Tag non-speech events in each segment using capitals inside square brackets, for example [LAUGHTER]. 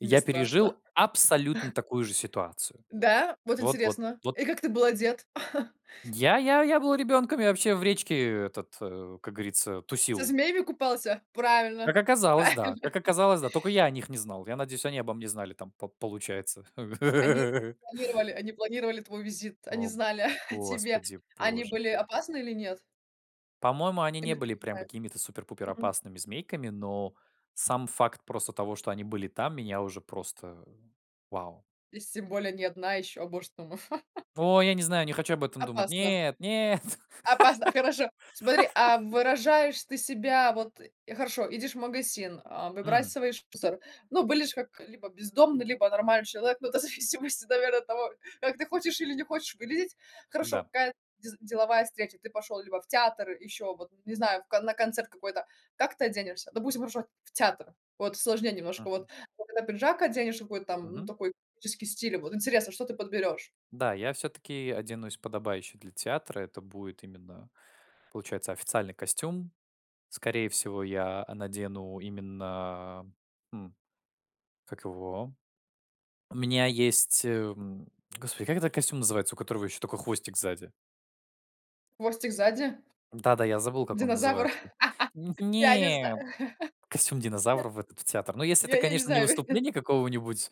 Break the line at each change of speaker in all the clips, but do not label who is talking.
Мне
Я
страшно.
пережил абсолютно такую же ситуацию.
Да, вот
Вот вот
интересно.
вот.
И как ты был одет? [CHUCKLES]
Я я я был ребенком, я вообще в речке этот, э, как говорится,
Со
тусил.
змеями купался?
Как
Правильно
оказалось, да.
правильно.
Как оказалось, да. Только я о них не знал. Я надеюсь, они обо мне знали там, по получается.
Они
[LAUGHS]
планировали они планировали твой визит, они
О,
знали [CHUCKLES] о тебе.
господи
Они
боже.
были опасны или нет?
По-моему, они не
Или ты
были
не
прям
знаешь?
какими-то супер-пупер
Мгм.
опасными змейками, но сам факт просто того, что они были там, меня уже просто вау.
И с тем более не одна ещё а может там [LAUGHS]
Во, я не знаю, не хочу об этом думать.
Опасно.
Нет нет.
Опасно. А хорошо. Смотри,
[LAUGHS]
а выражаешь ты себя вот э, хорошо, едешь в магазин, а,
Мгм.
выбрасываешь мусор. Ну, выглядишь ж как либо бездомный, либо нормальный человек, ну, это зависимости, наверно, от того, как ты хочешь или не хочешь выглядеть. Хорошо,
Н-да.
какая дез деловая встреча, ты пошёл либо в театр, ещё вот не знаю, в ко на концерт какой-то, как ты оденешься? Допустим, хорошо в театр, вот сложнее немножко.
Мгм.
Вот когда пиджак оденешь, какой-то там, м,
Мгм.
такой классический стиль, и вот интересно, что ты подберёшь?
Да, я всё-таки оденусь подобающе для театра. Это будет именно, получается, официальный костюм. Скорее всего, я, а, надену именно, м, как его? У меня есть, э, м, господи, как этот костюм называется, у которого еще только хвостик сзади?
Хвостик сзади?
Да-да, я забыл, как он
Динозавр.
называется. Нь
[LAUGHS] Я не
нет.
знаю.
Костюм динозавра в этот в театр. Но
[LAUGHS]
если
Я
это,
я не
конечно, не
знаю.
выступление какого-нибудь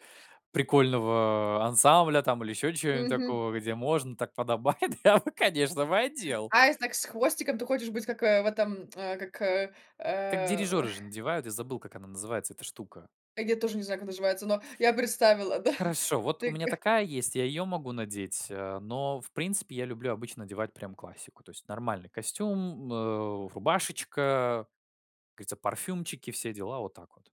прикольного ансамбля там или еще чё-нибудь
Мгм.
такого, где можно, так подобает, я бы, конечно бы, одел.
Аист, так, с хвостиком, ты хочешь быть как, э, в этом, э, как, э,
Как
э
дирижеры же надевают, я забыл, как она называется, эта штука.
А я тоже не знаю, как называется, но я представила, да. [CHUCKLES]
Хорошо, вот у
Ты
меня
ка
такая есть, я ее могу надеть, э, но, в принципе, я люблю обычно надевать прям классику. То есть нормальный костюм, м, э, рубашечка, как говорится, парфюмчики, все дела. Вот так вот.